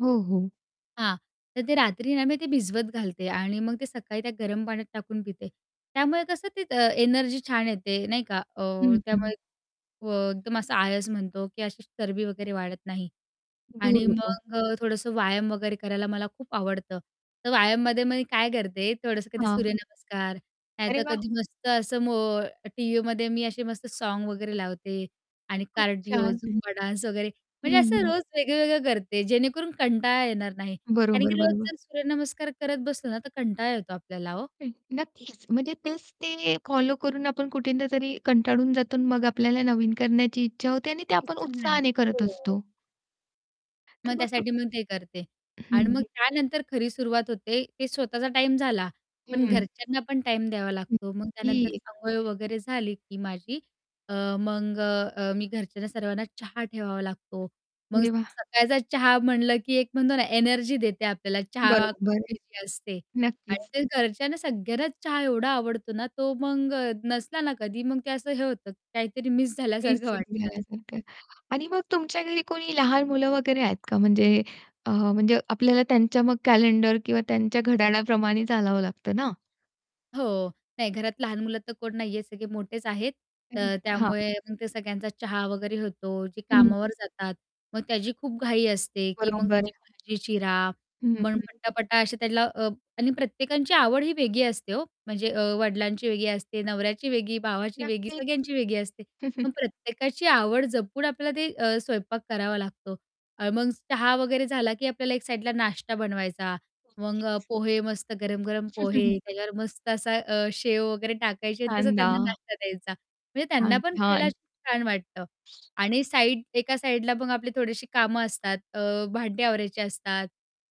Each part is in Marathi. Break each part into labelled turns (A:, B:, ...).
A: हो, हो.
B: हां, तर ते रात्री ना मी ते भिजवत घालते आणि मग ते सकाळी त्या गरम पाण्यात टाकून पिते. त्यामुळे कसं ते अ, एनर्जी छान येते नाही का. अ,
A: हं, हं.
B: त्यामुळे अ, एकदम असं आळस म्हणतो की अशी चरबी वगैरे वाढत नाही.
A: दूर
B: आणि
A: होतो.
B: मग अ, थोडंसं व्यायाम वगैरे करायला मला खूप आवडतं. तर व्यायाममध्ये मी काय करते, थोडंसं कधी
A: हां.
B: सूर्यनमस्कार
A: अरे
B: नाहीतर
A: वाह!
B: कधी मस्त असं मो टीव्हीमध्ये मी असे मस्त सॉन्ग वगैरे लावते आणि
A: खूप
B: कार्डिओ
A: छान.
B: झुंबा डान्स वगैरे
A: हं,
B: म्हणजे असं
A: हं.
B: रोज वेगळंवेगळं करते, जेणेकरून कंटाळा येणार नाही. कारण की
A: बरोबर, बरोबर.
B: जर सूर्यनमस्कार करत बसलो ना, तर कंटाळा येतो आपल्याला ओ.
A: हं, नक्कीच म्हणजे तेच ते फॉलो करून आपण कुठेतरी कंटाळून जातो आणि मग आपल्याला नवीन करण्याची इच्छा होते आणि ते आपण
B: इच्छा नाही येणार.
A: उत्साहाने करत
B: हो.
A: असतो.
B: मग
A: तर मग
B: त्यासाठी मग ते करते
A: हं,
B: आणि मग
A: हं.
B: त्यानंतर खरी सुरुवात होते, ते स्वतःचा टाईम झाला पण
A: हं.
B: घरच्यांना पण टाईम द्यावा लागतो. मग त्यानंतर
A: नक्कीच.
B: अंघोळ वगैरे झाली, की माझी अ, मग अ, मी घरच्यांना सर्वांना चहा ठेवावा लागतो. मग
A: अरे वाह!
B: सकाळचा चहा म्हटलं, की एक म्हणतो ना, एनर्जी देते आपल्याला चहा
A: बरोबर
B: खूप
A: आहे.
B: [unintelligible] असते. आणि
A: नक्कीच.
B: ते घरच्यांना सगळ्यांनाच चहा एवढा आवडतो ना तो, मग नसला ना, कधी मग ते असं हे होतं काहीतरी मिस झाल्यासारखं
A: [unintelligible]
B: वाटतं.
A: झाल्यासारखं आणि मग तुमच्या घरी कोणी लहान मुलं वगैरे आहेत का म्हणजे अ, म्हणजे आपल्याला त्यांच्या मग कॅलेंडर किंवा त्यांच्या घड्याळाप्रमाणे चालावं लागतं ना.
B: हो, नाही. घरात लहान मुलं तर कोण नाही आहे, सगळे मोठेच आहेत. अ,
A: अरे! हां.
B: त्यामुळे मग ते सगळ्यांचा चहा वगैरे होतो. जे
A: हं. हं.
B: कामावर जातात, मग त्याची खूप घाई असते, की मग
A: बरोबर
B: त्याची
A: आहे.
B: भाजी चिरा
A: हं,
B: मग
A: हं.
B: पट्टापट्टा असे त्याला. आणि प्रत्येकांची आवडही वेगळी असते हो. म्हणजे अ, वडिलांची वेगळी असते, नवऱ्याची वेगळी, भावाची वेगळी,
A: नक्कीच.
B: सगळ्यांची वेगळी असते. पण प्रत्येकाची आवड जपून आपल्याला ते अ, स्वयंपाक करावा लागतो. अ, मग चहा वगैरे झाला, की आपल्याला एक साईडला नाश्ता बनवायचा. मग अ,
A: नक्कीच.
B: पोहे मस्त गरम-गरम पोहे. त्याच्यावर मस्त असा अ, शेव वगैरे टाकायचे आणि
A: हां
B: तसं त्यांना
A: ना.
B: नाश्ता द्यायचा. म्हणजे त्यांना
A: छान,
B: पण खायला
A: छान.
B: अशी छान वाटतं. आणि साईड एका साईडला मग आपली थोडीशी कामं असतात. अ, भांडे आवरायचे असतात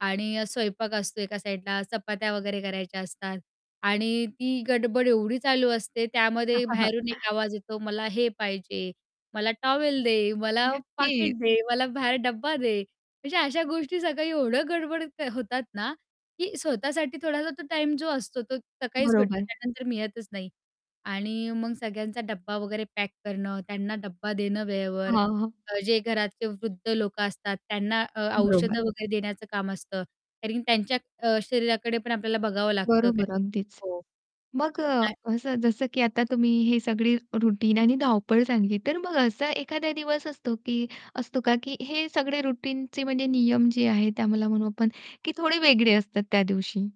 B: आणि स्वयंपाक असतो एका साईडला. चपात्या वगैरे करायच्या असतात. आणि ती गडबड एवढी चालू असते, त्यामध्ये बाहेरून एक आवाज येतो, मला हे पाहिजे, मला टॉवेल दे, मला पाकीट
A: नक्कीच.
B: दे, मला बाहेर डब्बा दे. म्हणजे अशा गोष्टी सकाळी एवढं गडबड होतात ना, की स्वतःसाठी थोडासा तो टाईम जो असतो, तो सकाळीच भेटतो.
A: बरोबर.
B: त्यानंतर मी येतच नाही. आणि मग सगळ्यांचा डब्बा वगैरे पॅक करणं, त्यांना डब्बा देणं वेळेवर,
A: हां, हां.
B: जे घरातले वृद्ध लोकं असतात, त्यांना अ,
A: बरोबर.
B: औषधं वगैरे देण्याचं काम असतं. कारण त्यांच्या अ, शरीराकडे पण आपल्याला बघावं लागतं,
A: बरोबर
B: कारण की
A: अगदीच.
B: हो.
A: मग अ,
B: काय
A: असं जसं की आता तुम्ही हे सगळी रूटीन आणि धावपळ सांगितली. तर मग असा एखादा दिवस असतो की असतो का की हे सगळे रूटीन चे म्हणजे नियम जे आहेत ते आम्हाला म्हणू आपण की थोडे वेगळे असतात त्या दिवशी?